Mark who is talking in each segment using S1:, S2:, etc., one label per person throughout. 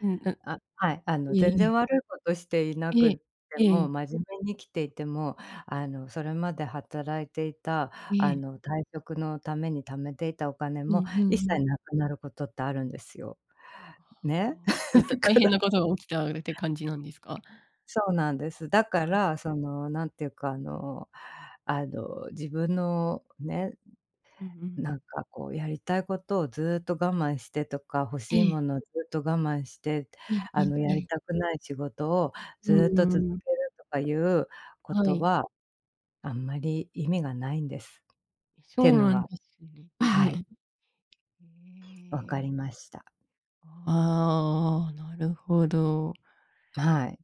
S1: うん、ぬ
S2: あ、はい、あの
S1: ええ
S2: 全
S1: え
S2: 然
S1: え。
S2: 悪いことしていな
S1: ええ
S2: くて
S1: え
S2: も、
S1: え。
S2: 真面目に生きていても、あのそれまで働いていた
S1: え
S2: あ
S1: え。
S2: の退職のために貯めていたお金
S1: う
S2: も、
S1: んうん
S2: 一
S1: う
S2: 切
S1: ん。
S2: 無くなることってあるんですよ。
S1: あ
S2: ね。
S1: あ、えっと、
S2: だ
S1: 大
S2: か
S1: 変
S2: ら
S1: なことが起きたうれて感じなんですか？
S2: そうなんです。だ
S1: あ
S2: か
S1: あ。
S2: らそのなんて言うかあのあの自分のね。
S1: うんう
S2: なん
S1: ん。
S2: かこうやりたいことをずっと我慢してとか、欲
S1: え
S2: しい
S1: え。
S2: ものをずっと我慢して、
S1: うんう
S2: あ
S1: ん
S2: の
S1: う
S2: やり
S1: ん。
S2: たくない仕事を
S1: う
S2: ずっと続
S1: ーん。
S2: けるとかいうこ
S1: は
S2: と
S1: い。
S2: は。あんまり意味がないんです。
S1: え、そ
S2: ていう
S1: う
S2: の
S1: なんで
S2: が
S1: すね。
S2: はい。
S1: え
S2: 分か
S1: ええ。
S2: りました。
S1: ああ。なるほど。
S2: はい。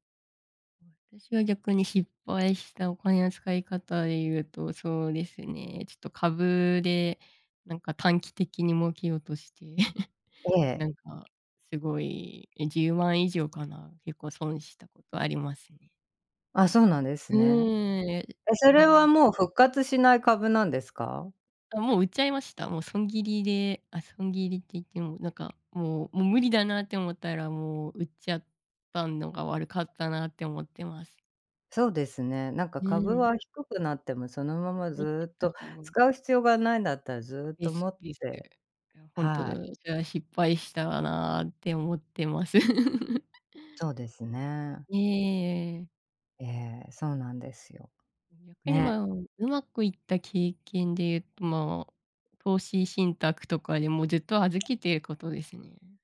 S1: うん。たしは逆に失敗したお金の使い方で言うと、そうですね、ちょっと株で、なんか短期的に儲けようとして。
S2: ええ。
S1: なんか、すごい、え、10万以上かな、結構損したことありますね。
S2: あ、そうなんです
S1: う
S2: ね。
S1: ーん。え、
S2: え、そ
S1: は
S2: れは
S1: い。
S2: もう復活しない株なんですか？
S1: あ、もう売っちゃいました。もう損切りであ、損切りって言ってもなんかもうもう無理だなって思ったらもう売っちゃったんのが悪かったなって思ってます。
S2: そうですね、なんか
S1: う
S2: 株
S1: ん。
S2: は低くなっても、そのまま
S1: 持って
S2: ずっ
S1: た
S2: と
S1: 方が
S2: 使う必要がないんだったら、ずっ
S1: で
S2: と
S1: す
S2: 持っ
S1: です。
S2: て
S1: あ、本当
S2: はい。
S1: じゃあ失敗したなって思ってます。
S2: そうですね。
S1: ええ。
S2: ええ、そうなんですよ。
S1: 逆に
S2: ね。
S1: まあ上手くいった経験で言うとまあ、投資信託とかでもずっと預けていることですね。